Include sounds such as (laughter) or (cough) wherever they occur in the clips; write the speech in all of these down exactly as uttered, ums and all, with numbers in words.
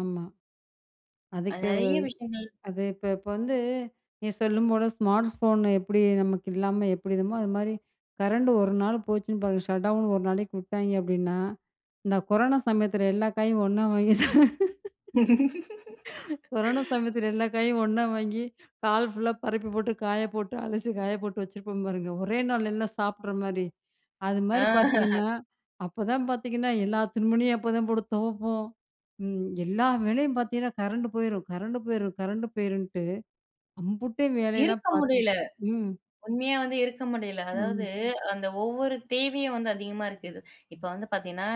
ஆமா. அது அதுக்கே நெறைய ஒரு விஷயங்கள். அது இப்ப இப்ப வந்து நீங்க சொல்லும்போது ஸ்மார்ட்ஸ்ஃபோன் எப்படி நமக்கு இல்லாம எப்படி இருக்குமோ, அது மாரி கரண்ட் ஒரு நாள் போச்சுன்னு பாருங்க ஷட்டவுன் ஒரு நாளைக்கு விட்டாய்ங்க அப்படீன்னா இந்த கொரோனா சமயத்தில எல்லா காயும் ஒண்ணா வாங்கி ச கொரோனா சமயத்தில (laughs) எல்லா காயையும் ஒண்ணா வாங்கி, ஹால் ஃபுல்லா பரப்பி போட்டு, காய போட்டு அலசி காய போட்டு வச்சிருப்போம் பாருங்க. ஒரே நாள் எல்லாம் சாப்பிடுற மாரி. அது ஆ. மாரி (laughs) பார்த்தீங்கன்னா, அப்போ தான் பார்த்தீங்கன்னா, எல்லா துணிமணியும் அப்போதான் போட்டு துவைப்போம். ம். எல்லா வேலையும் பார்த்தீங்கன்னா, கரண்ட் போயிரும் கரண்ட் போயிரும் கரண்ட் போயிருன்ட்டு அம்புட்டு வேலையெல்லாம் இருக்க பார்த்து. முடியல. ம். உண்மையா வந்து இருக்க முடியல. ம். அதாவது அந்த ஒவ்வொரு தேவையும் வந்து அதிகமா இருக்குது. இப்போ வந்து பார்த்தீங்கன்னா,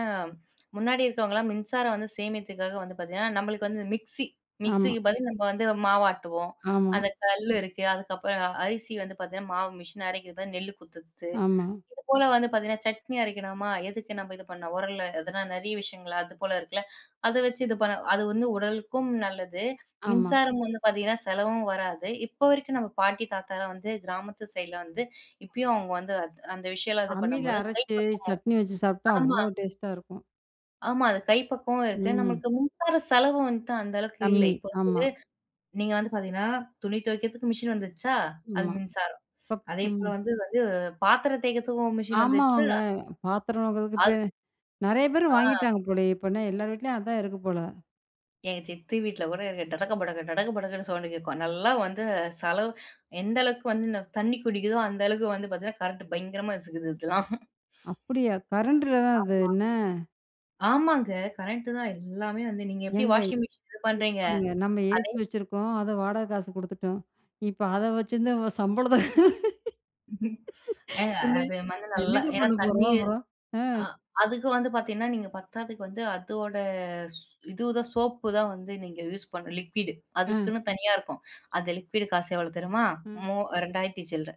முன்னாடி இருக்கவங்கலாம் மின்சாரம் வந்து சேமித்துக்காக வந்து பார்த்தீங்கன்னா, நம்பளுக்கு வந்து மிக்ஸி ஆமா. மிக்ஸிக்கு பதில் நம்ப வந்து மாவு ஆட்டுவோம். ஆமா. அந்த கல் இருக்கு. அதுக்கப்பறம் அ அரிசி வந்து பார்த்தீங்கன்னா, மாவு மிஷின் அரைக்கிது பாரு, நெல்லு குத்துறத்து, ஆமா. இது போல வந்து பார்த்தீங்கன்னா, சட்னி அரைக்கணுமா எதுக்கு நம்ப இது பண்ணணும்? உரல்ல அதெல்லாம் நெறைய விஷயங்கள், அது போல இருக்குல்ல. அத வச்சு இது பண்ண அது வந்து உடலுக்கும் நல்லது, ஆமா. மின்சாரம் வந்து பார்த்தீங்கன்னா, செலவும் வராது. இப்ப வரைக்கும் நம்ம பாட்டி, தாத்தாலாம் வந்து கிராமத்து சைடுல வந்து இப்பயும் அவங்க வந்து அந் அந்த விஷயம்லாம் இது அம்மில பண்ணும்போது கை அரைச்சு பக்குவம் சட்னி வச்சு சாப்பிட்டா, ஆமா. அவ்வளோ டேஸ்ட்டா இருக்கும். ஆமா. அது கை பக்குவமும் இருக்கு, ம். நம்மளுக்கு மின்சார செலவும் வந்துட்டு அந்த அளவுக்கு இல்ல. கம்மி, இப்போ ஆமா. (unintelligible) நீங்க வந்து பார்த்தீங்கன்னா, துணி துவைக்கிறதுக்கு மிஷின் வந்துருச்சா, அது ம்மா. மின்சாரம். பப் ம். அதேபோல வந்து வந்து பாத்திரம் தேய்க்கிறதுக்கும் மிஷின் வந்துருச்சா. ஆமாவாங்க. பாத்திரம் வெளக்கறதுக்கு பே அது நெறைய பேர் ஆ. வாங்கிட்டாங்க போலயே. இப்ப என்ன எல்லார் வீட்லயும் அதான் இருக்கு போல. எங்க சித்தி வீட்ல கூட இருக்கு. டடக படக டடக படக்குன்னு சவுண்டு கேட்கும். நல்லா வந்து செலவு எந்த அளவுக்கு வந்து இந்த தண்ணி குடிக்குதோ, அந்த அளவுக்கு வந்து பார்த்தீங்கன்னா கரண்ட் பயங்கரமா இசுக்குது இதெல்லாம். அப்படியா? கரண்ட்டில தான் அது, ஆமா. என்ன ஆமாங்க, கரெக்ட்டு தான் எல்லாமே வந்து. நீங்க எப்படி ஏங்க இ வாஷிங் மிஷின் இது பண்ணுறீங்க, (unintelligible) நம்ம ஏசி அதே வச்சுருக்கோம். அத வாடகை காசு குடுத்துட்டோம். இப்ப அத வச்சுருந்து அவ சம்பளத்த (laughs) ஏங்க என்ன அது வந்து நல்லா என்னங்க ஏன்னா பண்ண தண்ணி போறோம் அப்பறம்? அ. ஆ அதுக்கு வந்து பார்த்தீங்கன்னா, நீங்க பத்தாத்துக்கு வந்து அதோட ஸ் இதுதான் சோப்பு தான் வந்து நீங்க யூஸ் பண்ணணும், லிக்விடு. அ. அதுக்குன்னு தனியா இருக்கும். அது லிக்விட் காசு எவ்வளோ தெருமா? ம். மூ ரெண்டாயிரத்தி சில்ற.